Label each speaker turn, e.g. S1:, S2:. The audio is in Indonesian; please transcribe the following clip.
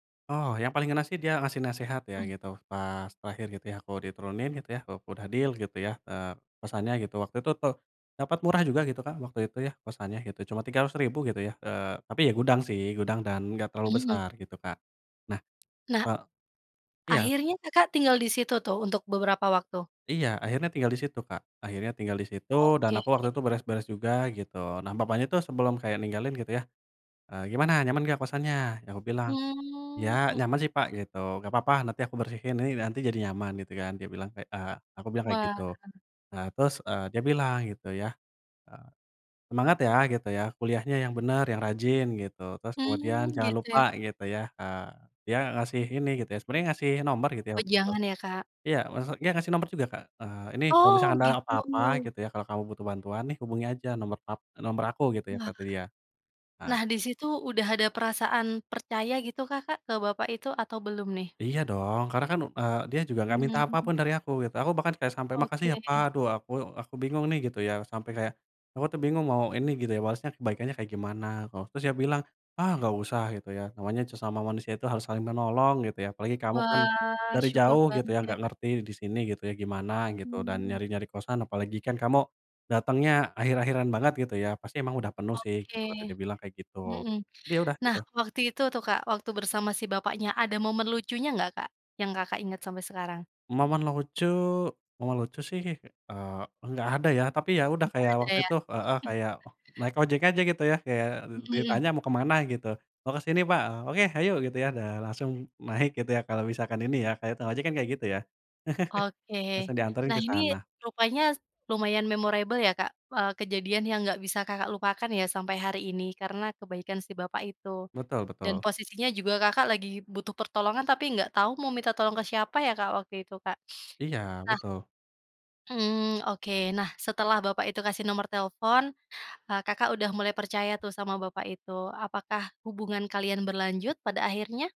S1: Oh, yang paling ngena sih, dia ngasih nasehat ya
S2: Mmm.
S1: gitu, pas terakhir gitu ya, aku diturunin gitu ya, u udah deal gitu ya, eee, kosannya gitu, waktu itu tuh, dapat murah juga gitu, Kak, waktu itu ya, kosannya gitu, cuma Rp300.000 gitu ya. Eee, tapi ya gudang sih, gudang dan enggak terlalu
S2: Mhm.
S1: besar gitu, Kak. Nah,
S2: Nah,
S1: eee iya.
S2: akhirnya Kakak tinggal di situ tuh, untuk beberapa waktu?
S1: Iya, akhirnya tinggal di situ, Kak, akhirnya tinggal di situ dan
S2: Oke.
S1: aku waktu itu beres-beres juga gitu. Nah, bapaknya tuh sebelum kayak ninggalin gitu ya, eee, "Gimana nyaman nggak kosannya?" Ya aku bilang, "Ya
S2: Hmm hmm.
S1: nyaman sih Pak," gitu "nggak papa nanti aku bersihkan ini nanti jadi nyaman," gitu kan. Dia bilang kayak, eee, aku bilang kayak
S2: Wah.
S1: gitu. Nah, terus, eee, dia bilang gitu ya, eee, "Semangat ya," gitu ya, "kuliahnya yang bener, yang rajin," gitu. Terus kemudian
S2: Hmm,
S1: jangan
S2: gitu
S1: lupa
S2: ya.
S1: gitu ya, eee, dia ngasih ini gitu ya. Sebenernya ngasih nomor gitu ya, waktu itu.
S2: Wejangan ya, Kak.
S1: Iya, wase dia ngasih nomor juga, Kak. Eee, "Ini kalau
S2: Oh
S1: misalkan ada apa-apa,"
S2: gitu.
S1: gitu ya, "kalau kamu butuh bantuan, nih hubungi aja nomor pap e nomor aku!" Gitu ya,
S2: Wah.
S1: kata dia. Nah
S2: Nah, di situ udah ada perasaan percaya gitu Kakak, ke bapak itu atau belum nih?
S1: Iya dong, karena kan, eee, dia juga nggak minta apa
S2: Hmm.
S1: pun dari aku gitu, aku bahkan kayak sampai, "Makasih ya
S2: Oke.
S1: Pak," aduh aku aku bingung nih gitu ya, sampai kayak aku tuh bingung mau ini, gitu ya, balasnya kebaikannya kayak gimana koh Terus dia bilang, "Ah, nggak usah," gitu ya, "namanya sesama manusia itu harus saling menolong," gitu ya, "apalagi kamu kan
S2: Wah,
S1: dari
S2: syukur
S1: jauh," gitu
S2: banget
S1: ya,
S2: ya,
S1: "nggak
S2: Kak.
S1: ngerti di sini," gitu ya, "gimana gitu, dan
S2: Hmm.
S1: nyari-nyari kosan apalagi kan kamu datangnya akhir-akhiran banget," gitu ya, "pasti emang udah penuh sih,"
S2: Oke,
S1: gitu. Kata dia bilang kayak gitu.
S2: mhm.
S1: Ya udah
S2: Nah
S1: gitu.
S2: waktu itu tuh, Kak, waktu bersama si bapaknya, ada momen lucunya nggak, Kak, yang Kakak inget sampai sekarang?
S1: Momen lucu momen lucu sih, eee, nggak ada ya. Tapi, ya udah
S2: Enggak
S1: kayak
S2: ada
S1: waktu
S2: ya?
S1: itu heeh, kayak, oh naik ojek aja gitu ya, kayak dit
S2: Mhm.
S1: ditanya, "Mau ke mana?" Gitu, "Mau ke sini Pak! Oke hayu!" Gitu ya, dan langsung naik gitu ya, kalau misalkan ini ya, kayak tukang ojek kan kayak gitu ya.
S2: Oke.
S1: Langsung dianterin
S2: Nah
S1: ke
S2: ini
S1: sana.
S2: rupanya s lumayan memorable ya, Kak, eee, kejadian yang nggak bisa Kakak lupakan ya, sampai hari ini karena kebaikan si bapak itu.
S1: Betul
S2: Dan
S1: betul.
S2: posisinya juga Kakak lagi butuh pertolongan, tapi nggak tau mau minta tolong ke siapa ya, Kak, waktu itu, Kak.
S1: Iya,
S2: Nah
S1: betul.
S2: Hmm, oke. Nah, setelah bapak itu kasih nomor telepon, eee, Kakak udah mulai percaya tuh. sama bapak itu. Apakah hubungan kalian berlanjut pada akhirnya?